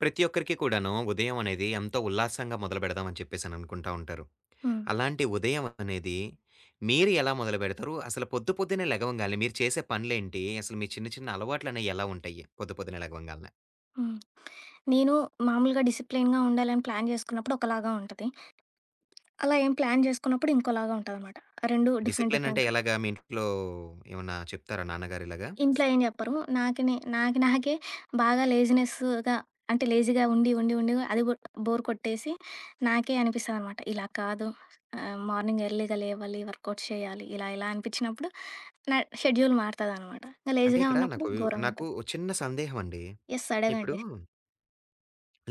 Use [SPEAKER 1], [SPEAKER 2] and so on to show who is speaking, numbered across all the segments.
[SPEAKER 1] ప్రతి ఒక్కరికి కూడాను, ఉదయం అనేది ఎంతో ఉల్లాసంగా, మొదలు బెడదాం అని చెప్పేసి అననుకుంటా ఉంటారు.
[SPEAKER 2] హ్మ్.
[SPEAKER 1] అలాంటి ఉదయం అనేది, మీరు ఎలా మొదలు బెడతారు? అసలు పొద్దు, పొద్దున్న లెగవంగాల్నే, మీరు చేసే పనులేంటి? అసలు మీ చిన్న, చిన్న అలవాట్లనేవి ఎలా ఉంటాయి? పొద్దు, పొద్దునే లెగవంగాల్నే?
[SPEAKER 2] హ్మ్. నేను మామూలుగా డిసిప్లెనుగుండాలని, ప్లాన్ జేసుకున్నప్పుడు ఒకలాగా ఉంటది. అలా ఏం ప్లాన్ జేసుకోనప్పుడు, ఇంకోలాగా ఉంటదన్నమాట. రెండు డిఫరెంట్ డిఫరెంటు.
[SPEAKER 1] డిసిప్లెయినంటేలాగా? మీ ఇంట్లో ఏవన్నా చెప్తారా నాన్నగారిలాగా?
[SPEAKER 2] ఇంట్లో ఏం జెప్పరు. నాకి నే, నాకి, నాకే బాగా లేజీనెస్సుగా అంటే, లేజీగా ఉండి, ఉండి, ఉండి అది గూడా, బోర్ కొట్టేసి, నాకే అనిపిస్తుందనమాట. ఇలా కాదు ఆహ్, మార్నింగ్ ఎర్లీగా లేవాలి. వర్కౌట్స్ చేయాలి. ఇలా, ఇలా అనిపిచ్చినప్పుడు, నా షెడ్యూల్ మారుతదనమాట. ఇంకా
[SPEAKER 1] అంటే
[SPEAKER 2] లేజీగా
[SPEAKER 1] ఇక్కడ
[SPEAKER 2] ఉన్నప్పుడు
[SPEAKER 1] నాకు, నాకు
[SPEAKER 2] ఘోరంగుంటది.
[SPEAKER 1] ఒక చిన్న సందేహం అండి.
[SPEAKER 2] యెస్.
[SPEAKER 1] ఇప్పుడు
[SPEAKER 2] అడగండి.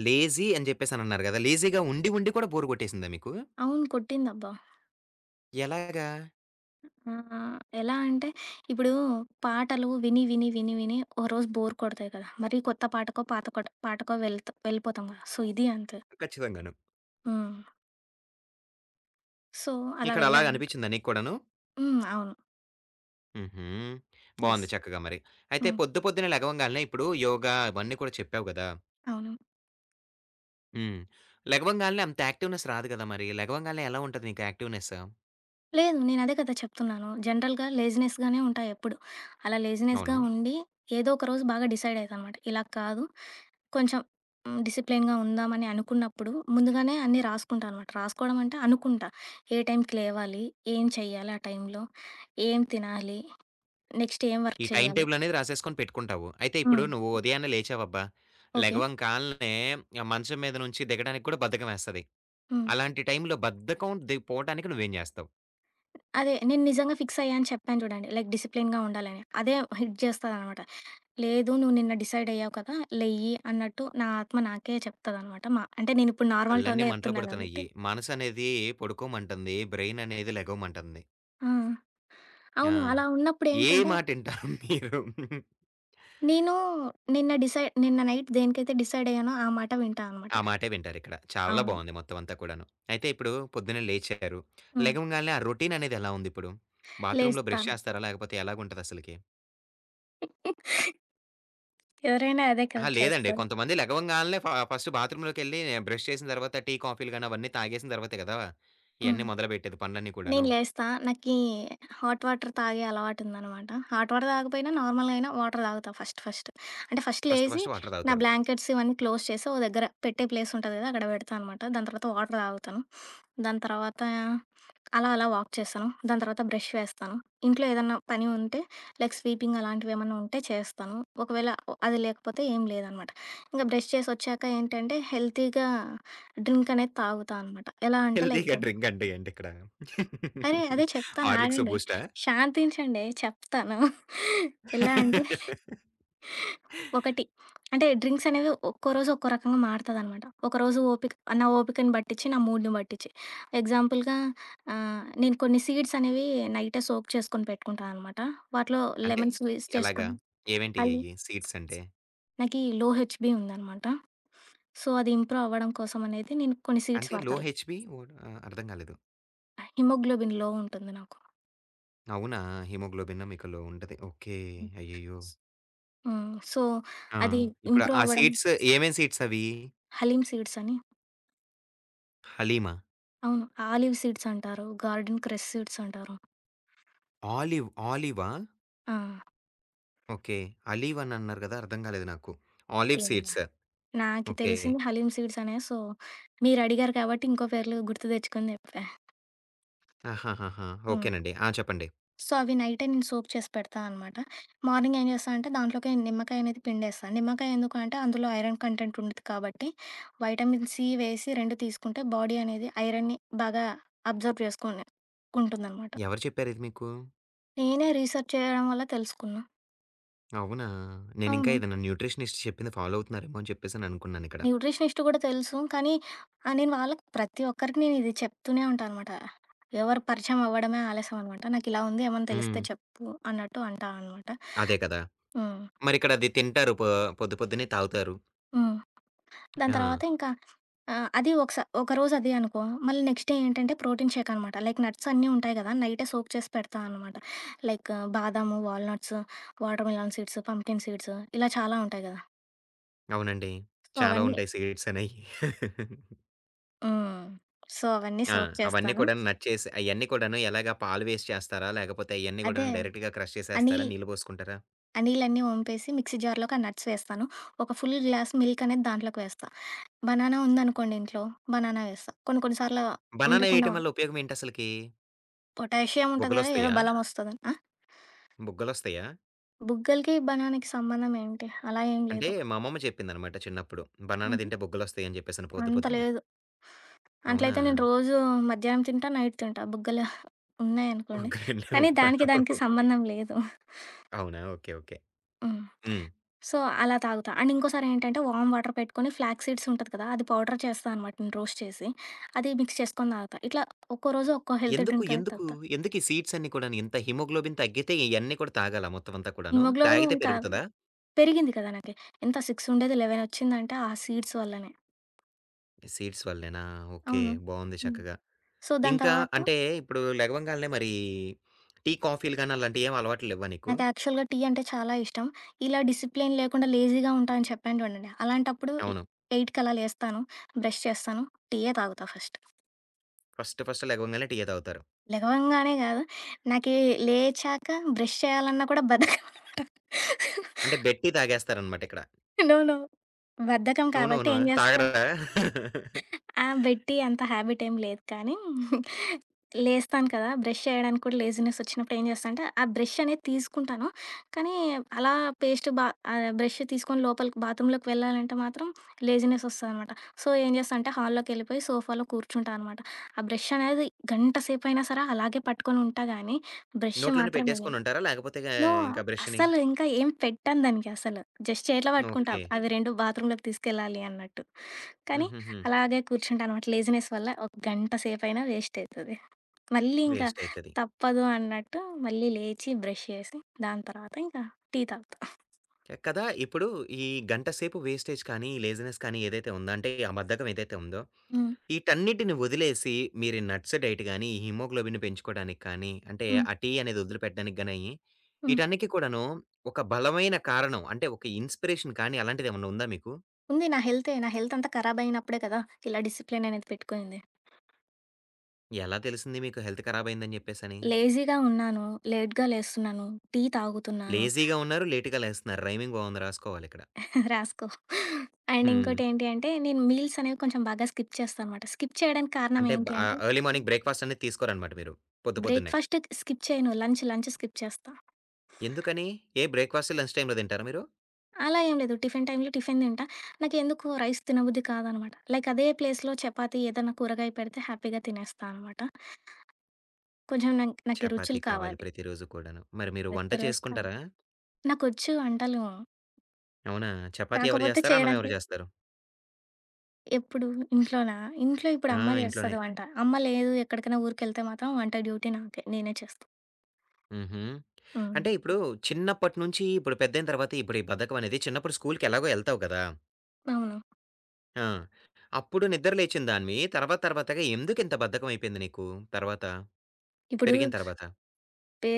[SPEAKER 1] లేజీ అని చెప్పేసి అనన్నారు గదా! లేజీగా ఉండి, ఉండి కూడా బోరు గొట్టేసిందా మీకు?
[SPEAKER 2] అవును. కొట్టిందబ్బా!
[SPEAKER 1] ఎలాగా?
[SPEAKER 2] ఆహ్, ఎలా అంటే ఇప్పుడు, పాటలు విని, విని, విని, విని ఒరోజు బోర్ కొడతాయి కదా! మరి కొత్త పాటకో, పాత కోట పాటకో వెళ్తా వెళ్ళిపోతాం కదా! సో, ఇది అంతే.
[SPEAKER 1] ఖచ్చితంగాను.
[SPEAKER 2] హ్మ్. సో అలా
[SPEAKER 1] ఇక్కడ అలాగా
[SPEAKER 2] వెళ్ళాను.
[SPEAKER 1] అనిపించిందా నీకు కూడాను?
[SPEAKER 2] హ్మ్. అవును.
[SPEAKER 1] హుహు.
[SPEAKER 2] యస్.
[SPEAKER 1] బావుంది చక్కగా మరి. అయితే
[SPEAKER 2] హ్మ్.
[SPEAKER 1] పొద్దు పొద్దున్న లెగవంగాల్నే ఇప్పుడు యోగ ఇవన్నీ కూడా చెప్పావు గదా!
[SPEAKER 2] అవును.
[SPEAKER 1] హ్మ్. లెగవంగాల్నే అంత యాక్టివ్‍నెస్ రాదు గదా! మరి లెగవంగాల్నే ఎలా ఉంటది నీకు యాక్టివ్‍నెసు?
[SPEAKER 2] లేదు. నేను అదే కదా! చెప్తున్నాను. జనరల్‍గా లేజినెస్‍గానే ఉంటా ఎప్పుడు. అలా లేజినెస్‍గా
[SPEAKER 1] అవును.
[SPEAKER 2] ఉండి ఏదో ఒకరోజు బాగా డిసైడ్ అయితనమాట. ఇలా కాదు కొంచెం డిసిప్లేన్‍గా ఉందామని అనుకున్నప్పుడు ముందుగానే అన్నీ రాసుకుంటా అనమాట రాసుకోవడమంటే అనుకుంటా. ఏ టైంకి లేవాలి? ఏం చేయాలి ఆ టైంలో? ఏం తినాలి? నెక్స్ట్ ఏం వర్క్
[SPEAKER 1] ఈ టైమ్
[SPEAKER 2] చేయాలి?
[SPEAKER 1] టేబుల్ అనేది రాసేసుకొని పెట్టుకుంటావు. అయితే ఇప్పుడు
[SPEAKER 2] హ్మ్.
[SPEAKER 1] నువ్వు ఉదయాన్నే లేచావు అబ్బా!
[SPEAKER 2] ఓకే.
[SPEAKER 1] లెగవంకాల్నే మంచం మీద నుంచి దిగడానికి కూడా బద్ధకమేస్తది.
[SPEAKER 2] హ్మ్.
[SPEAKER 1] అలాంటి టైంలో బద్ధకం ది పోటానికి నువ్వేం జేస్తావు?
[SPEAKER 2] అదే నేను నిజంగా ఫిక్స్ అయ్యాను అని చెప్పాను జూడండి లైక్ డిసిప్లేన్‍గా ఉండాలని అదే హిట్ జేస్తాదనమాట. లేదు నువ్వు నిన్న డిసైడ్ అయ్యావు కదా! లేయ్యి అన్నట్టు నా ఆత్మ నాకే చెప్తదనమాట. మా అంటే నేను ఇప్పుడు నార్మల్
[SPEAKER 1] కళ్ళన్నీ
[SPEAKER 2] టోన్‍లో
[SPEAKER 1] మంటలు
[SPEAKER 2] జెప్తున్నా
[SPEAKER 1] పడుతున్నాయి.
[SPEAKER 2] గాబట్టి
[SPEAKER 1] మనసనేది పడుకోమంటుంది. బ్రైననేది లెగవమంటుంది.
[SPEAKER 2] హ్మ్.
[SPEAKER 1] ఆ!
[SPEAKER 2] అవును. అలా ఉన్నప్పుడు
[SPEAKER 1] ఏ
[SPEAKER 2] ఏంటంటే
[SPEAKER 1] మాటటింటారు మీరు?
[SPEAKER 2] నేను నిన్న డిసైడ్ నిన్న నైట్ దేనికైతే డిసైడ్ అయ్యానో ఆ మాట వింటా అనమాట.
[SPEAKER 1] ఆ మాటే వింటారు ఇక్కడ చాలా
[SPEAKER 2] అవును.
[SPEAKER 1] బావుంది మొత్తం అంతా కూడాను. అయితే ఇప్పుడు పొద్దున్నే లేచారు
[SPEAKER 2] హ్మ్.
[SPEAKER 1] లెగవంగాల్నే ఆ రొటీన్ అనేది ఎలా ఉంది ఇప్పుడు? బాత్రూమ్‍లో
[SPEAKER 2] లేస్తా.
[SPEAKER 1] బ్రష్ చేస్తారా? లేకపోతే ఎలాగా ఉంటది అసలకి?
[SPEAKER 2] ఎవరైనా అదే కదా!
[SPEAKER 1] అహా! లేదండి.
[SPEAKER 2] చేస్తారు.
[SPEAKER 1] కొంతమంది లెగవంగాల్నే ఫ ఫస్ట్ బాత్రూమ్‌లోకెళ్లి బ్రష్ చేసిన తర్వాత టీ, కాఫీలు గానీ, అవన్నీ తాగేసిన తర్వాతే గదా!
[SPEAKER 2] హ్మ్.
[SPEAKER 1] ఇయన్ని మొదలుబెట్టేది పనులన్నీ కూడాను.
[SPEAKER 2] నేను లేస్తా. నాకి హాట్ వాటర్ తాగే అలవాటుందనమాట. హాట్ వాటర్ తాగకపోయినా నార్మల్‌గా అయినా వాటర్ తాగుతా ఫస్ట్ ఫస్ట్. అంటే ఫస్ట్
[SPEAKER 1] ఫస్ట్
[SPEAKER 2] లేసి,
[SPEAKER 1] ఫస్ట్ వాటర్
[SPEAKER 2] నా
[SPEAKER 1] తాగుతారు.
[SPEAKER 2] బ్లాంకెట్స్ ఇవన్నీ క్లోజ్ చేసి ఒక దగ్గర పెట్టే ప్లేస్ ఉంటది గదా! అక్కడ పెడతా అనమాట. దాని తర్వాత వాటర్ తాగుతా. దాని తర్వాత, అలా అలా వాక్ చేస్తాను. దాని తర్వాత బ్రష్ వేస్తాను. ఇంట్లో ఏదన్నా పని ఉంటే లైక్ స్వీపింగ్ అలాంటివి ఏమన్నా ఉంటే చేస్తాను. ఒకవేళ అది లేకపోతే ఏం లేదనమాట. ఇంక బ్రష్ చేసొచ్చాక ఏంటంటే, హెల్తీగా డ్రింక్ అనేది తాగుతా అనమాట. ఎలా అంటే
[SPEAKER 1] హెల్తీగా
[SPEAKER 2] లైక్
[SPEAKER 1] డ్రింక్ అంటే ఏంటిక్కడ?
[SPEAKER 2] అరే! అదే చెప్తాను.
[SPEAKER 1] హార్లిక్సు,
[SPEAKER 2] ఆగండి.
[SPEAKER 1] బూస్టా?
[SPEAKER 2] శాంతించండి. చెప్తాను. ఎలా అంటే ఒకటి అంటే డ్రింక్స్ అనేవి ఒక్కో రోజు ఒక్కో రకంగా మారుతదన్నమాట. ఒకరోజు ఓపిక నా ఓపికని బట్టిచ్చి, నా మూడ్‌ని బట్టిచ్చి. ఎగ్జాంపుల్‌గా ఆహ్, నేను కొన్ని సీడ్సనేవి నైటే సోక్ చేసుకొని పెట్టుకుంటా అన్నమాట. వాటిలో
[SPEAKER 1] అంటే?
[SPEAKER 2] లెమన్ స్క్వీజ్
[SPEAKER 1] ఎలాగా?
[SPEAKER 2] చేసుకొని అయి
[SPEAKER 1] ఏమేంటియయ్యి సీడ్స్ అంటే?
[SPEAKER 2] నాకి లో హెచ్‌బి ఉందనమాట. సో అది ఇంప్రూవ్ అవ్వడం కోసం అనేది నేను కొన్ని సీడ్స్
[SPEAKER 1] అంటే లో
[SPEAKER 2] వాడతాల్
[SPEAKER 1] హెచ్‌బి వాట్? ఆహ్, అర్థం కాలేదు.
[SPEAKER 2] హిమోగ్లోబిన్ లో ఉంటుంది నాకు.
[SPEAKER 1] అవునా! హిమోగ్లోబిన్‌ మీకు లో ఉంటది. ఓకే. అయ్యయ్యో!
[SPEAKER 2] హ్మ్. సో,
[SPEAKER 1] ఆ!
[SPEAKER 2] అది
[SPEAKER 1] ఇప్పుడు
[SPEAKER 2] ఇంప్రూవ్
[SPEAKER 1] ఆ
[SPEAKER 2] అవ్వడం
[SPEAKER 1] సీడ్స్ ఏవేం సీడ్స్ అవీ?
[SPEAKER 2] హలీమ్ సీడ్స్ అని.
[SPEAKER 1] హలీమా?
[SPEAKER 2] అవును. ఆలివ్ సీడ్స్ అంటారు, గార్డెన్ క్రెస్ సీడ్స్ అంటారు.
[SPEAKER 1] ఆలీవ్, ఆలీవా?
[SPEAKER 2] ఆ!
[SPEAKER 1] ఓకే. అలివ్ అని అన్నారు గదా! అర్థం గాలేదు నాకు. ఆలీవ్
[SPEAKER 2] ఎమున్న
[SPEAKER 1] సీడ్సు,
[SPEAKER 2] నాకి
[SPEAKER 1] ఓకే.
[SPEAKER 2] తెలిసింది హలీం సీడ్స్ అనే. సో, మీరు అడిగారు కాబట్టి ఇంకో పేర్లు గుర్తు తెచ్చుకొని జెప్పా.
[SPEAKER 1] ఆహాహాహా!
[SPEAKER 2] హ్మ్.
[SPEAKER 1] ఓకేనండి. ఆ! చెప్పండి.
[SPEAKER 2] సో, అవి నైటే నేను సోక్ చేసి పెడతా అన్నమాట. మార్నింగ్ ఏం జేస్తా అంటే దాంట్లోకె నిమ్మకాయ అనేది పిండేస్తాను. నిమ్మకాయ ఎందుకు అంటే అందులో ఐరన్ కంటెంట్ ఉండుద్ది కాబట్టి వైటమిన్ సి వేసి 2 తీస్కుంటే బాడీ అనేది ఐరన్‌ని బాగా అబ్జార్బ్ చేసుకుని కుంటుందన్నమాట.
[SPEAKER 1] ఎవరు చెప్పారిది మీకు?
[SPEAKER 2] నేనే రీసర్చ్ చేయడం వల్ల తెలుసుకున్నా.
[SPEAKER 1] అవునా? నేనింకా
[SPEAKER 2] అవును.
[SPEAKER 1] ఏదైనా న్యూట్రిషనిస్ట్ చెప్పింది ఫాలో అవుత్నారేమో అని చెప్పేసి అనుకున్నానిక్కడ.
[SPEAKER 2] న్యూట్రిషనిస్ట్ గూడా తెలుసు, కానీ, ఆ నేను వాళ్ళకి ప్రతి ఒక్కరికి నేనిది చెప్తూనే ఉంటాన్నమాట. ఎవరు పరిచయమవ్వడమే ఆలస్యం అన్నమాట. నాకిల ఉంది ఏమన్నా తెలిస్తే
[SPEAKER 1] హ్మ్.
[SPEAKER 2] చెప్పు అన్నట్టు అంటాన్నమాట.
[SPEAKER 1] అదే కదా!
[SPEAKER 2] హ్మ్.
[SPEAKER 1] మరిక్కడ అది తింటారు, పొ పొద్దు పొద్దునే తాగుతారు.
[SPEAKER 2] హ్మ్. దాని
[SPEAKER 1] ఆ!
[SPEAKER 2] తర్వాత ఇంక ఆ! అది ఒకసా ఒకరోజు అదె అనుకో, మళ్ళీ నెక్స్ట్ డే ఏంటంటే ప్రోటీన్ షేక్ అన్నమాట. లైక్ నట్స్ అన్నీ ఉంటాయి గదా! నైటే సోక్ చేసి పెడతాన్నమాట లైకు బాదాము, walnuts, watermelon seeds, pumpkin seeds, ఇలా చాలా ఉంటాయి గదా!
[SPEAKER 1] అవునండి.
[SPEAKER 2] సో,
[SPEAKER 1] చాలా
[SPEAKER 2] అవన్నీ
[SPEAKER 1] ఉంటాయి సిడ్స్ అనేయి.
[SPEAKER 2] హ్మ్. సో, అవన్నీ
[SPEAKER 1] ఆ!
[SPEAKER 2] సోక్
[SPEAKER 1] అవన్నీ
[SPEAKER 2] చేస్తాను.
[SPEAKER 1] కూడాను నట్ చేసి అయన్ని కూడాను ఎలాగా పాలు వేసి చేస్తారా? లేకపోతే అయన్ని
[SPEAKER 2] అదే
[SPEAKER 1] కూడాను డైరెక్ట్‌గా క్రష్
[SPEAKER 2] ఆ
[SPEAKER 1] చేసేస్తారా?
[SPEAKER 2] నిల్
[SPEAKER 1] నీళ్ళు బోసుకుంటారా?
[SPEAKER 2] ఆ నీలన్నీ ఓంపేసి మిక్సీ జార్‌కి ఆ నట్స్ వేస్తాను. ఒక ఫుల్ గ్లాస్ మిల్క్ అనేది దాంట్లోకి వేస్తా. బనానా ఉందనుకోండి ఇంట్లో బనానా వేస్తా. కొన్ని కొన్ని సార్ల
[SPEAKER 1] బనానా
[SPEAKER 2] ఉండకుండా
[SPEAKER 1] ఏయటం వల్ల
[SPEAKER 2] ఉంట
[SPEAKER 1] ఉపయోగమేంటి అసలకి?
[SPEAKER 2] పొటాషియం ఉంటది గదా! ఏదో
[SPEAKER 1] బుగ్గలోస్తియా?
[SPEAKER 2] బలం ఒస్తదని. ఆ?
[SPEAKER 1] బుగ్గలోస్తియా?
[SPEAKER 2] బుగ్గలకి బనానికి సంబంధం ఏంటి అలా ఏం
[SPEAKER 1] అంటే
[SPEAKER 2] లేదు.
[SPEAKER 1] మా అమ్మమ్మ చెప్పింది అన్నమాట చిన్నప్పుడు. బనానా
[SPEAKER 2] హుహు.
[SPEAKER 1] తింటే బుగ్గలొస్తాయి అని జెప్పేసి పొద్దు
[SPEAKER 2] అంత
[SPEAKER 1] పొద్దున్నే.
[SPEAKER 2] లేదు. అట్లయితే నేను
[SPEAKER 1] అవునా?
[SPEAKER 2] రోజు మధ్యాహ్నం తింటా నైట్ తింటా బుగ్గలు ఉన్నాయనుకోండి.
[SPEAKER 1] బుగ్గలు
[SPEAKER 2] కానీ దానికి దానికి
[SPEAKER 1] [unintelligible]
[SPEAKER 2] సంబంధం లేదు.
[SPEAKER 1] అవునా! ఓకే. ఓకే.
[SPEAKER 2] హ్మ్.
[SPEAKER 1] హ్మ్.
[SPEAKER 2] సో, అలా తాగుతా. అండ్ ఇంకోసారి ఏంటంటే వార్మ్ వాటర్ పెట్టుకొని ఫ్లాగ్ సీడ్స్ ఉంటది కదా! అది పౌడర్ చేస్తా అన్నమాట రోస్ట్ చేసి. అది మిక్స్ జేసుకొని తాగుతా. ఇట్లా ఒక్కో రోజు ఒక్కో హెల్తీ
[SPEAKER 1] ఎందుకు?
[SPEAKER 2] డ్రింక్ అనేది
[SPEAKER 1] ఎందుకు?
[SPEAKER 2] తాగుతా.
[SPEAKER 1] ఎందుకు? ఈ సీడ్స్ అన్ని కూడా ఇంత హిమోగ్లోబిన్ తగ్గితే ఇయన్నీ కూడా తాగాలా మొత్తం అంతా కూడాను
[SPEAKER 2] హిమోగ్లోబిన్
[SPEAKER 1] తాగితే
[SPEAKER 2] అని కాదు.
[SPEAKER 1] పెరుగుతద?
[SPEAKER 2] పెరిగింది కదా! నాకు. ఎంత 6 ఉండేది 11 ఒచ్చిందంటే ఆ సీడ్స్ వల్లనే.
[SPEAKER 1] ఈ సీడ్స్ వల్లేనా. ఓకే.
[SPEAKER 2] అవును.
[SPEAKER 1] బావుంది
[SPEAKER 2] హ్మ్.
[SPEAKER 1] చక్కగా.
[SPEAKER 2] సో, దాని
[SPEAKER 1] ఇంకా,
[SPEAKER 2] తరువాత
[SPEAKER 1] అంటే ఇప్పుడు లెగవంగాల్నే మరీ టీ, కాఫీలు గాని, అలాంటియేవలవాట్లు లెవ్వా నీకు?
[SPEAKER 2] నాకు యాక్చువల్‌గా టీ అంటే చాలా ఇష్టం. ఇలా డిసి‌ప్లెయిన్ లేకుండా లేజీగుంటాను అని చెప్పాను చూడండి. అలాంటప్పుడు ల్
[SPEAKER 1] అవును.
[SPEAKER 2] ఎయిట్‌కలా లేస్తాను. బ్రెష్ చేస్తాను. టీయ్యే తాగుతా ఫస్ట్.
[SPEAKER 1] ఫస్ట్ ఫస్ట్ లెగవగాల్నే టీయే తాగుతారు.
[SPEAKER 2] లెగవంగానే గాదు. నాకి లేచాక బ్రెష్ చేయాలన్నా కూడా బద్ధకమనమాట.
[SPEAKER 1] అంటే బె‌డ్‌ టీ తాగేస్తారనమాటిక్కడ.
[SPEAKER 2] నో! నో! బద్ధకం
[SPEAKER 1] నో! నో!
[SPEAKER 2] కాబట్టి
[SPEAKER 1] నో!
[SPEAKER 2] ఏం జేస్తా.
[SPEAKER 1] తాగరా?
[SPEAKER 2] ఆ! బెడ్ టీ అంత హాబిటెం లేదు కాని, లేస్తాను కదా! బ్రెష్ చేయడానికి కూడా లేజీనెసొచ్చినప్పుడు ఏం జేస్తానంటే. ఆ బ్రెషనేది తీసుకుంటాను. కాని, అలా పేస్ట్ బా ఆహ్, బ్రెష్ తీసుకొని లోపలికి, బాత్రూమ్‌లోకి వెళ్ళాలంటే మాత్రం లేజీనెసోస్తదనమాట. సో ఏం జేస్తాంటే హాలులోకెళ్ళిపోయి, సోఫాలో కూర్చుంటానమాట. ఆ బ్రెషనేది గంట సేపయినా సరే, అలాగే పట్టుకొని ఉంటా గాని, బ్రెష్
[SPEAKER 1] నోట్లోనే
[SPEAKER 2] మాత్రమేయను.
[SPEAKER 1] పెట్టేసుకొనుంటారా? లేకపోతే ఆ
[SPEAKER 2] నో!
[SPEAKER 1] ఇంకా, బ్రెష్‌ని.
[SPEAKER 2] అసలు ఇంకా ఏం పెట్టను దానికి అసలు. జస్ట్ చేతిలో బట్టుకుంటా.
[SPEAKER 1] ఓకే.
[SPEAKER 2] అవి 2 బాత్రూమ్‌లోకి తీసుకెళ్లాలి అన్నట్టు. కాని,
[SPEAKER 1] హుహుహు.
[SPEAKER 2] అలాగే కూర్చుంటాన్నమాట. లేజీనెస్ వల్ల ఒక గంట సేపయినా వేస్టయితది. మళ్ళీ ఇంకా,
[SPEAKER 1] వేస్టయితది.
[SPEAKER 2] తప్పదు అన్నట్టు మళ్ళీ లేచి బ్రెష్ చేసి, దాని తర్వాత ఇంకా టీ తాగుతా.
[SPEAKER 1] కదా! ఇప్పుడు, ఈ గంట సేపు వేస్టేజ్ కాని, లేజినెస్ కాని, ఏదైతే ఉందో? అంటే ఆ బద్ధకం ఏదైతే ఉందో?
[SPEAKER 2] హ్మ్.
[SPEAKER 1] ఈటన్నిటిని వదిలేసి, మీరు నట్స్ డైట్ గాని, హిమోగ్లోబిన్‌ని పెంచుకోవడానికి కాని, అంటే
[SPEAKER 2] హ్మ్.
[SPEAKER 1] ఆ టీ, అనేదొదిలిపెట్టడానికి గాని,
[SPEAKER 2] హ్మ్.
[SPEAKER 1] ఈటన్నిటి కూడాను, ఒక బలమైన కారణం అంటే ఒక ఇన్‌స్పిరేషన్ కాని, అలాంటిదేమైనా ఉందా మీకు?
[SPEAKER 2] ఉంది. నా హెల్తే నా హెల్త్ అంతా ఖరాబైనప్పుడే కదా! ఇలా డిసిప్లిననేది పెట్టుకునింది.
[SPEAKER 1] ఎలా తెలిసింది మీకు, హెల్త్ కరాబయిందని జెప్పేసని?
[SPEAKER 2] లేజీగా ఉన్నాను. లేటుగలేస్తున్నాను, టీ తాగుతున్నాను.
[SPEAKER 1] లేజీగా ఉన్నారు, లేట్‌గా లేస్తన్నారు. రైమింగ్ బావుంది. రాసుకోవాలి ఇక్కడ.
[SPEAKER 2] రాసుకో. అండ్
[SPEAKER 1] హ్మ్.
[SPEAKER 2] ఇంకోటి ఏంటి అంటే, నేను మీల్సనేవి కొంచెం బాగా స్కిప్ చేస్తాన్నమాట. స్కిప్ చేయడానికి కారణం
[SPEAKER 1] అంటే బా
[SPEAKER 2] ఏంటి
[SPEAKER 1] ఆహ్,
[SPEAKER 2] అంటే
[SPEAKER 1] ఎర్లీ మార్నింగ్ బ్రేక్ఫాస్టనేది తీసుకోరనమాట మీరు. పొద్దు
[SPEAKER 2] బ్రేక్
[SPEAKER 1] పొద్దున్నే?
[SPEAKER 2] ఫస్టయితె స్కిప్ చేయను. లంచ్, లంచ్ స్కిప్ చేస్తా.
[SPEAKER 1] ఎందుకని ఏ బ్రేక్ఫాస్టు, లంచ్ టైమ్‌లో తింటారా మీరు?
[SPEAKER 2] అలా ఏం లేదు. టిఫిన్ టైములో, టిఫిన్ తింటా. నాకేందుకు రైస్ తినబుద్ధి కాదనమాట. లైక్ అదే ప్లేస్‌లో, చపాతీ ఏదైనా కూరగాయ పెడితే, హ్యాపీగా తినేస్తానమాట. కొంచెం నంక్ నాకి
[SPEAKER 1] చపాతి
[SPEAKER 2] రుచులు
[SPEAKER 1] కావాలి
[SPEAKER 2] కావాలి.
[SPEAKER 1] ప్రతిరోజు కూడాను. మరి మీరు వంట
[SPEAKER 2] వెద్దరొస్తా.
[SPEAKER 1] చేసుకుంటారా?
[SPEAKER 2] నాకొచ్చు వంటలు.
[SPEAKER 1] అవునా? చపాతి ఎవరు
[SPEAKER 2] కాకపోతే
[SPEAKER 1] జేస్తారు? అన్నం ఎవరు
[SPEAKER 2] చేయడానికె
[SPEAKER 1] జేస్తారు?
[SPEAKER 2] ఎప్పుడు, ఇంట్లోనా? ఇంట్లో ఇప్పుడు
[SPEAKER 1] ఆ!
[SPEAKER 2] అమ్మ
[SPEAKER 1] ఇంట్లోనే.
[SPEAKER 2] జేస్తది వంట. అమ్మ లేదు, ఎక్కడికైనా ఊరుకెళ్తే మాత్రం, వంట డ్యూటీ నాకే, నేనే చేస్తా.
[SPEAKER 1] హుహు.
[SPEAKER 2] హ్మ్.
[SPEAKER 1] అంటే ఇప్పుడు, చిన్నప్పటి నుంచి ఇప్పుడు పెద్దయిన తర్వాత ఇప్పుడు, ఈ బద్ధకం అనేది చిన్నప్పుడు స్కూలూకి ఎలాగో ఎళ్తావు కదా!
[SPEAKER 2] అవును.
[SPEAKER 1] ఆ! అప్పుడు నిద్ర లేచిందానివి తర్వాత, తర్వాతగా ఎందుకు ఇంత బద్ధకమయిపోయింది నీకు తర్వాత?
[SPEAKER 2] ఇప్పుడూ
[SPEAKER 1] పెరిగిన తరవాత?
[SPEAKER 2] టే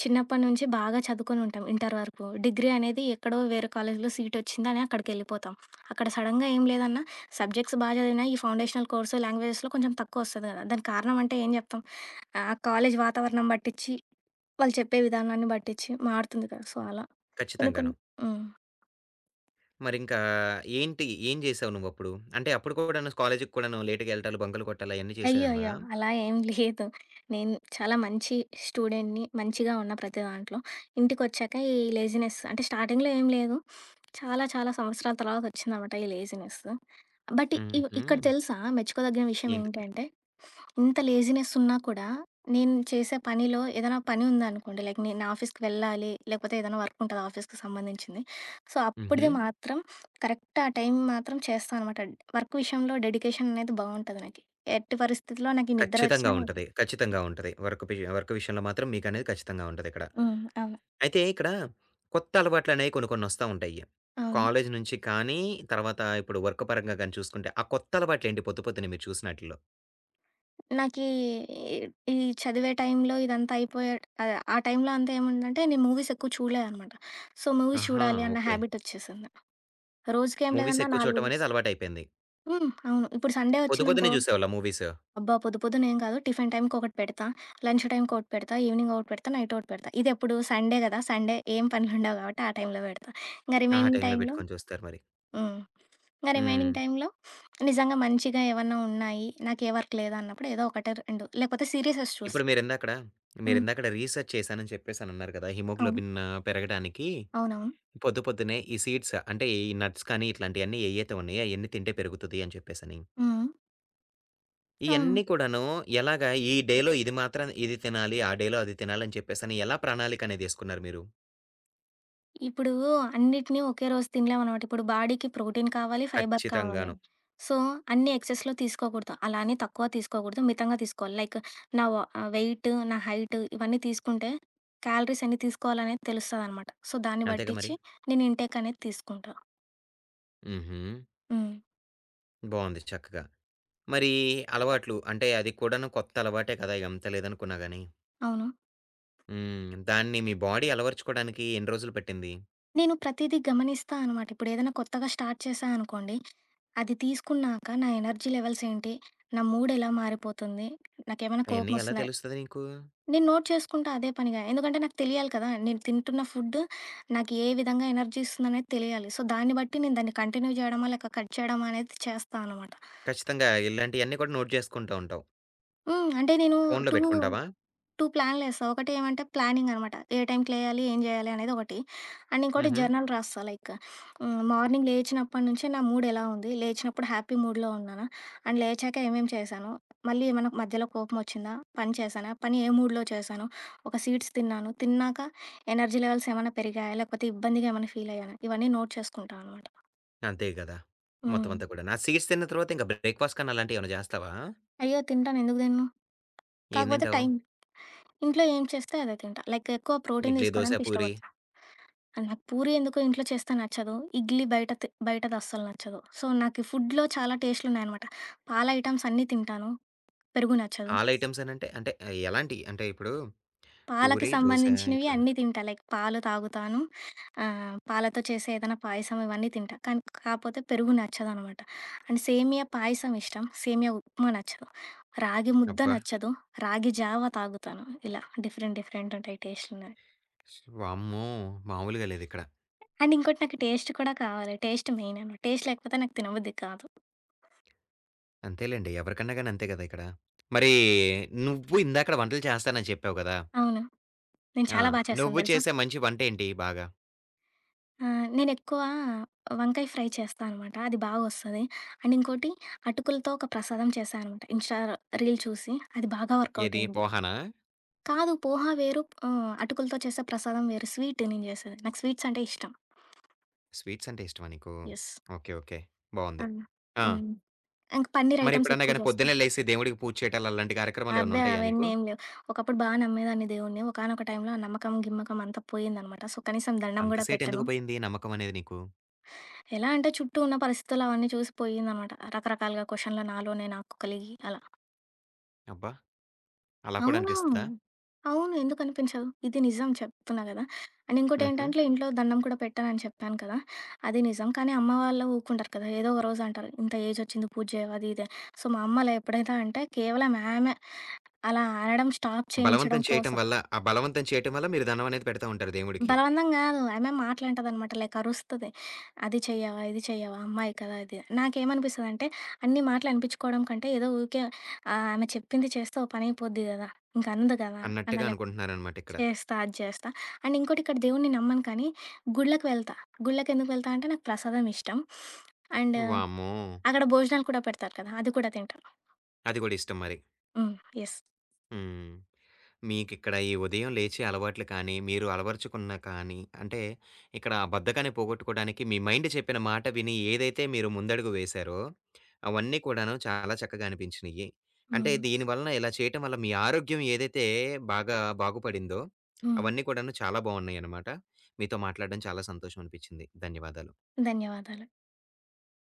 [SPEAKER 2] చిన్నప్పట్నుంచి బాగా చదువుకొనుంటాం ఇంటర్ వరకు. డిగ్రీ అనేది ఎక్కడో వేరే కాలేజీలో సీటొచ్చిందని అక్కడికెళ్ళిపోతాం. అక్కడ సడెన్‌గా ఏం లేదన్నా సబ్జెక్ట్స్ బా జదివిన, ఈ ఫౌండేషనల్ కోర్సు లాంగ్వేజెస్‌లో కొంచెం తక్కువొస్తది‌ గదా! దానికి కారణం అంటే ఏం జెప్తాం. ఆ కాలేజీ వాతావరణం బట్టిచ్చి, వాళ్ళు చెప్పే విధానాన్ని బట్టిచ్చి మారుతుంది కదా! సో, అలా. కొన్ని, కొన్ని
[SPEAKER 1] ఖచ్చితంగాను.
[SPEAKER 2] హ్మ్.
[SPEAKER 1] మరింకా ఏంటి, ఏం జేసావు నువ్వప్పుడు? అంటే అప్పుడు కూడాను కాలేజీకి కూడాను లేట్‌గెళ్ళటాలు, బంకలు కొట్టడాలు అయన్నీ జేసేదానివా?
[SPEAKER 2] అ‌య్యో‌య్య‌! అలా ఏం లేదు. నేను చాలా మంచి స్టూడెంట్‌ని. మంచిగా ఉన్న ప్రతి దాంట్లో. ఇంటికొచ్చాక ఈ లేజినెస్ అంటే స్టార్టింగ్‌లో ఏం లేదు. చాలా, చాలా సంవత్సరాల తర్వాతొచ్చిందనమాట ఈ లేజినెస్సు. బట్ ఇగొ ఇక్కడ
[SPEAKER 1] హుహు.
[SPEAKER 2] తెలుసా మెచ్చుకోదగిన
[SPEAKER 1] ఏంటిది?
[SPEAKER 2] విషయమేంటంటే, ఇంత లేజీనెసున్నా కూడా, నేను చేసే పనిలో ఏదన్నా పని ఉందనుకోండి లైక్, నేను నా ఆఫీస్‌కి వెళ్ళాలి, లేకపోతే ఏదన్నా వర్కుంటది ఆఫీస్‌కి సంబంధించింది. సో, అప్పటిది
[SPEAKER 1] హుహు.
[SPEAKER 2] మాత్రం కరెక్ట్ ఆ టైం మాత్రం చేస్తా అనమాట. వర్క్ విషయంలో డెడికేషననేది బావుంటది నాకి. ఎట్టి పరిస్థితిలో నాకి నిద్ర
[SPEAKER 1] ఖచ్చితంగా
[SPEAKER 2] వచ్చినా నాకి
[SPEAKER 1] ఉంటది. ఖచ్చితంగా ఉంటది. వర్క్ బీయా వర్క్ విషయంలో మాత్రం మీకనేది ఖచ్చితంగా ఉంటదిక్కడ.
[SPEAKER 2] హ్మ్. అవును.
[SPEAKER 1] అయితే ఇక్కడ కొత్త అలవాట్లనేయి కొన్ని, కొన్నొస్తా ఉంటయ్యి.
[SPEAKER 2] అవును.
[SPEAKER 1] కాలేజీ నుంచి కానీ, తర్వాత ఇప్పుడు వర్క్ పరంగా గాని చూసుకుంటే, ఆ కొత్తలవాట్లేంటి పొద్దు పొద్దున్నే మీరు చూసినా‌టి‌ల్లో?
[SPEAKER 2] నాకీ ఇ ఈ చదివే టైం‌లో ఇదంతా అయిపోయే ఆహ్, టైంలో అంతా ఏముందంటే, నేను మూవీస్ ఎక్కువ చూడలేదన్నమాట. సో, మూవీస్
[SPEAKER 1] ఆహా!
[SPEAKER 2] చూడాలి అన్న
[SPEAKER 1] ఓకే.
[SPEAKER 2] హాబిటొచ్చేసింది. రోజుకి ఏం
[SPEAKER 1] మూవీస్
[SPEAKER 2] లేదన్న
[SPEAKER 1] ఎక్కువ
[SPEAKER 2] 4
[SPEAKER 1] చూడటం అనేది
[SPEAKER 2] జూస్తా.
[SPEAKER 1] అలవాటయిపోయింది.
[SPEAKER 2] హ్మ్. అవును. ఇప్పుడు సండే
[SPEAKER 1] పొద్దు పొద్దునే
[SPEAKER 2] ఒచ్చిందనుకో
[SPEAKER 1] జూసావాళ్ళా మూవీసు?
[SPEAKER 2] అబ్బా! పొద్దు పొద్దున ఏం కాదు. టిఫిన్ టైమ్‌కి ఒకటి పెడతా, లంచ్ టైమ్‌కి ఒకటి పెడతా, ఈవెనింగ్ ఒకటి పెడతా, నైటొకటి పెడతా. ఇది ఎప్పుడు సండే గదా! సండే ఏం పనులుండవు గాబట్టి, ఆ టైంలో పెడతా. ఇంకా
[SPEAKER 1] ఆహా! ఆ
[SPEAKER 2] రిమైనింగ్
[SPEAKER 1] టైంలో
[SPEAKER 2] టైమ్‌లో
[SPEAKER 1] పెట్టుకొని చూస్తారు మరి.
[SPEAKER 2] హ్మ్. ఇంకా రిమైనింగ్
[SPEAKER 1] హ్మ్.
[SPEAKER 2] టైమ్‌లో నిజంగా మంచిగా ఏమన్నా ఉన్నాయి, నాకే వర్క్ లేదన్నప్పుడు ఏదో ఒకటో, రెండో లేకపోతే సీరిసెస్ చూస్తా.
[SPEAKER 1] ఇప్పుడు మీరిందాకడ
[SPEAKER 2] హ్మ్.
[SPEAKER 1] మీరిందాకడ రిసర్చ్ చేశాను అని చెప్పేసి అన్నారు గదా!
[SPEAKER 2] అవును.
[SPEAKER 1] హిమోగ్లోబిన్ను పెరగడానికి,
[SPEAKER 2] అవునవును.
[SPEAKER 1] పొద్దు పొద్దున్నే ఈ సీడ్స్ అంటే ఈ నట్స్ కానీ ఇట్లాంటియన్ని ఎయ్యయితే ఉన్నాయో అయన్నీ తింటే పెరుగుతది అని చెప్పేసని.
[SPEAKER 2] హ్మ్. హ్మ్. అవును.
[SPEAKER 1] ఇయన్ని కూడాను ఎలాగా ఈ డేలో ఇది మాత్ర ఇది తినాలి ఆ డేలో అది తినాలి అని చెప్పేసని ఎలా ప్రణాళికనేది ఏసుకున్నారు మీరు?
[SPEAKER 2] ఇప్పుడు అన్నిటిని ఒకే రోజు తినలేమన్నమాట. ఇప్పుడు బాడీకి ప్రోటీన్ కావాలి, ఫైబర్ కావాలి.
[SPEAKER 1] ఖచ్చితంగాను.
[SPEAKER 2] సో, అన్నీ ఎక్సెస్‌లో తీసుకోకూడదు, అలా అని తక్కువ తీసుకోకూడదు, మితంగా తీసుకోవాలి. లైక్ నా వ వెయిటు, నా హైటు ఇవన్నీ తీసుకుంటే క్యాలరీస్ ఎన్ని తీసుకోవాలనేది తెలుస్తదనమాట. సో, దాన్ని
[SPEAKER 1] అంతేగా మరి!
[SPEAKER 2] బట్టిచ్చి నేను ఇన్‌టేక్ అనేది తీసుకుంటా.
[SPEAKER 1] హుహు.
[SPEAKER 2] హ్మ్.
[SPEAKER 1] బావుంది చక్కగా. మరి అలవాట్లు అంటే అది కూడాను కొత్త అలవాటే కదా! ఎంత లేదనుకున్నా గాని.
[SPEAKER 2] అవును.
[SPEAKER 1] హ్మ్. దాన్ని మీ బాడీ అలవరుచుకోవడానికి ఎన్ని రోజులు పట్టింది?
[SPEAKER 2] నేను ప్రతీదీ గమనిస్తా అనమాట ఇప్పుడు ఏదైనా కొత్తగా స్టార్ట్ చేశా అనుకోండి. అది తీసుకున్నాక నా ఎనర్జీ లెవెల్స్ ఏంటి? నా మూడ్ ఎలా మారిపోతుంది? నాకేమైనా కోపం
[SPEAKER 1] అయన్నీ ఎలా
[SPEAKER 2] ఒస్తుందా?
[SPEAKER 1] తెలుస్తది నీకు?
[SPEAKER 2] నేను నోట్ చేసుకుంటా అదే పనిగా ఎందుకంటే నాకు తెలియాలి కదా! నేను తింటున్న ఫుడ్డు నాకు ఏ విధంగా ఎనర్జీస్తుందనేది తెలియాలి. సో దాన్ని బట్టి నేను దాన్ని కంటిన్యూ చేయడమా లేక కట్ చేయడమా అనేది చేస్తానమాట.
[SPEAKER 1] ఖచ్చితంగా! ఇలాంటియన్నీ కూడా నోట్ చేసుకుంటా ఉంటావు.
[SPEAKER 2] హ్మ్. అంటే నేను
[SPEAKER 1] ఫోనులో
[SPEAKER 2] టూ
[SPEAKER 1] పెట్టుకుంటావా?
[SPEAKER 2] టూ ప్లాన్లు ఏస్తా. 1 ఏమంటే ప్లానింగనమాట. ఏ టైంకి లేయాలి? ఏం జేయాలి? అనేది 1 అండ్ ఇంకోటి
[SPEAKER 1] హుహు.
[SPEAKER 2] జర్నల్ రాస్తా లైకు మార్నింగ్ లేచినప్పడునుంచి నా మూడ్ ఎలా ఉంది? లేచినప్పుడు హ్యాపీ మూడ్‍లో ఉన్నానా? అండ్ లేచాక ఏమేం చేశాను? మళ్ళీ ఏమైనా మధ్యలో కోపమొచ్చిందా? పని చేశానా? పని ఏ మూడ్‍లో చేశాను? ఒక సీడ్స్ తిన్నాను. తిన్నాక ఎనర్జీ లెవెల్స్ ఏమన్నా పెరిగాయా? లేకపోతే ఇబ్బందిగా ఏమన్నా ఫీల్ అయ్యానా? ఇవన్నీ నోట్ చేసుకుంటానమాట.
[SPEAKER 1] అంతే గదా! మొత్తం
[SPEAKER 2] హ్మ్.
[SPEAKER 1] అంతా గూడానా సీడ్స్ తిన్న తర్వాత ఇంకా బ్రేక్‍ఫాస్ట్ కన్నా అలాంటివి ఏమైనా జేస్తావా?
[SPEAKER 2] అయ్యో! తింటాను. ఎందుకు తినను.
[SPEAKER 1] ఏం
[SPEAKER 2] కాకపోతే
[SPEAKER 1] తింటావు?
[SPEAKER 2] టైం. ఇంట్లో ఏం చేస్తే అదే తింటా. లైక్ ఎక్కువ ప్రోటీన్
[SPEAKER 1] ఇడ్లీ, దోశ,
[SPEAKER 2] తీసుకోవడానికి
[SPEAKER 1] పూరి.
[SPEAKER 2] ఇష్టపడతా. నాకు పూరీ ఎందుకో ఇంట్లో చేస్తే నచ్చదు. ఇడ్లీ బయట తి బయటది అస్సలు నచ్చదు. సో, నాకు ఈ ఫుడ్‍లో చాలా టేస్టులు ఉన్నాయి అనమాట. ఆల్ ఐటెమ్స్ అన్నీ తింటాను. పెరుగు నచ్చదు.
[SPEAKER 1] ఆల్ ఐటెమ్స్ అనంటే, అంటే ఎలాంటియి? అంటే ఇప్పుడు
[SPEAKER 2] పాలకి
[SPEAKER 1] పూరి, దోశ
[SPEAKER 2] సంబంధించినవి
[SPEAKER 1] ఇట్లాగా.
[SPEAKER 2] అన్నీ తింటా లైక్ పాలు తాగుతాను. ఆహ్, పాలతో చేసే ఏదైనా పాయసం ఇవన్నీ తింటా. కానీ కాపోతే పెరుగు నచ్చదు అనమాట. అండ్ సేమియా పాయసం ఇష్టం. సేమియా ఉప్మా నచ్చదు. రాగి ముద్ద
[SPEAKER 1] అబ్బా!
[SPEAKER 2] నచ్చదు, రాగి జావ తాగుతాను. ఇలా డిఫరెంట్ డిఫరెంట్ ఉంటాయి టేస్టులునాయి.
[SPEAKER 1] వామ్మో! మాములుగా లేదు ఇక్కడ.
[SPEAKER 2] అండ్ ఇంకోటి నాకు టేస్ట్ కూడా కావాలి. Taste main. అన్నట్టు. టేస్ట్ లేకపోతే నాకు తినబుద్ధి కాదు.
[SPEAKER 1] అంతేలెండి. ఎవరికన్నా గాని అంతే గదా! ఇక్కడ. మరి నువ్వు ఇందాక వంటలు చేస్తానని చెప్పావు గదా!
[SPEAKER 2] అవును. నేను
[SPEAKER 1] ఆ!
[SPEAKER 2] చాలా బా చేస్తాను
[SPEAKER 1] నువ్వు
[SPEAKER 2] తెలుసా.
[SPEAKER 1] చేసే మంచి వంట ఏంటి బాగా?
[SPEAKER 2] ఆహ్, నేనెక్కువ వంకాయ ఫ్రై చేస్తా అనమాట. అది బాగా ఒస్తది. అండ్ ఇంకోటి అటుకులతో ఒక ప్రసాదం చేశాననమాట. ఇన్‌స్టా రీల్ చూసి, అది బాగా వర్కౌట్
[SPEAKER 1] ఏది
[SPEAKER 2] అయింది.
[SPEAKER 1] పోహనా?
[SPEAKER 2] కాదు. పోహ వేరు. ఆహ్, అటుకులతో చేసే ప్రసాదం వేరు. స్వీటు నేను జేసేది నాకు స్వీట్స్ అంటే ఇష్టం.
[SPEAKER 1] స్వీట్స్ అంటే ఇష్టమా నీకు?
[SPEAKER 2] యెస్.
[SPEAKER 1] ఓకే. ఓకే. బావుంది.
[SPEAKER 2] అన్న
[SPEAKER 1] ఆ!
[SPEAKER 2] హ్మ్. ఇంక పన్నీర్ ఐటమ్స్
[SPEAKER 1] మరెప్పుడన్నా
[SPEAKER 2] ఎక్కువ
[SPEAKER 1] గాని
[SPEAKER 2] జేస్తాం.
[SPEAKER 1] పొద్దున్నే లేసి దేవుడికి పూజ చేయటాలు అలాంటి కార్యక్రమాలు ఏమైనా
[SPEAKER 2] అబ్బే
[SPEAKER 1] ఉంటయ్యా నీకు?
[SPEAKER 2] అవన్నీ ఏమి లేవు. ఒకప్పుడు బాగా నమ్మేదాన్ని దేవుడిని, ఒకానొక టైంలో ఆ నమ్మకం గిమ్మకం అంతా పోయిందన్నమాట. సో, కనీసం దండం
[SPEAKER 1] అంత
[SPEAKER 2] గూడా పెట్టను.
[SPEAKER 1] సేటెందుకు పోయింది నమ్మకమనేది నీకు?
[SPEAKER 2] ఎలాంటే చుట్టూ ఉన్న పరిస్థితులవన్నీ చూసి పోయిందన్నమాట. రకరకాలుగా క్వెషన్‌లు నాలోనే నాకు కలిగి అలా.
[SPEAKER 1] అబ్బా! అలా కూడా
[SPEAKER 2] అవును.
[SPEAKER 1] అనిపిస్తదా?
[SPEAKER 2] అవును. ఎందుకనిపించదు? ఇది నిజం చెప్తున్నా గదా! అండ్
[SPEAKER 1] హుహు.
[SPEAKER 2] ఇంకోటేంటంటే ఇంట్లో దండం కూడా పెట్టనని చెప్పాను కదా! అది నిజం కానీ అమ్మ వాళ్ళు ఊరుకుండరు కదా. ఏదో ఒక రోజు అంటారు ఇంత ఏజొచ్చింది పూజెయవు అది ఇది అని. సో, మా అమ్మలా ఎప్పుడైతే అంటే కేవలం ఆమె అలా అనడం స్టాప్
[SPEAKER 1] బలవంతం
[SPEAKER 2] చేయించడం
[SPEAKER 1] చేయటం
[SPEAKER 2] కోసం.
[SPEAKER 1] వల్ల, ఆ బలవంతం చేయటం వల్ల మీరు దండమనేది పెడతా ఉంటారు దేవుడికి.
[SPEAKER 2] బలవంతం గాదు. ఆమె మాటలంటదనమాట లైక్ అరుస్తది. అది చెయ్యవా? ఇది చెయ్యవా? అమ్మాయి కదా ఇది. నాకేమనిపిస్తదంటే అన్ని మాటలనిపిచ్చుకోవడం కంటే ఏదో ఊకె ఆహ్, ఆమె చెప్పింది చేస్తే ఒ పనయిపోద్ది గదా. ఇంక అందు కదా
[SPEAKER 1] అన్నట్టుగా
[SPEAKER 2] అల.
[SPEAKER 1] అనుకుంటున్నారనమాట ఇక్కడ.
[SPEAKER 2] చేస్తా అది చేస్తా అండ్ ఇంకోటి ఇక్కడ దేవుణ్ణి నమ్మను కానీ గుళ్ళకి వెళ్తా. గుళ్ళకెందుకు వెళ్తా అంటే నాకు ప్రసాదం ఇష్టం అండ్
[SPEAKER 1] వామ్మో!
[SPEAKER 2] అక్కడ భోజనాలు కూడా పెడతారు కదా అది కూడా తింటాను.
[SPEAKER 1] అది గూడా ఇష్టం మరి.
[SPEAKER 2] హ్మ్. యెస్.
[SPEAKER 1] హ్మ్. మీకిక్కడ ఈ ఉదయం లేచే అలవాట్లు కానీ, మీరు అలవరచుకున్న కానీ, అంటే ఇక్కడ ఆ బద్ధకాన్ని పోగొట్టుకోవడానికి మీ మైండ్ చెప్పిన మాట విని ఏదైతే మీరు ముందడుగు వేసారో అవన్నీ కూడాను చాలా చక్కగా అనిపించినియ్యి. అంటే
[SPEAKER 2] హ్మ్.
[SPEAKER 1] దీని వలన ఇలా చేయటం వల్ల మీ ఆరోగ్యం ఏదైతే బాగా బాగుపడిందో
[SPEAKER 2] హ్మ్.
[SPEAKER 1] అవన్నీ కూడాను చాలా బావున్నయన్నమాట. మీతో మాట్లాడ్డం చాలా సంతోషమనిపిచ్చింది. ధన్యవాదాలు.
[SPEAKER 2] ధన్యవాదాలు.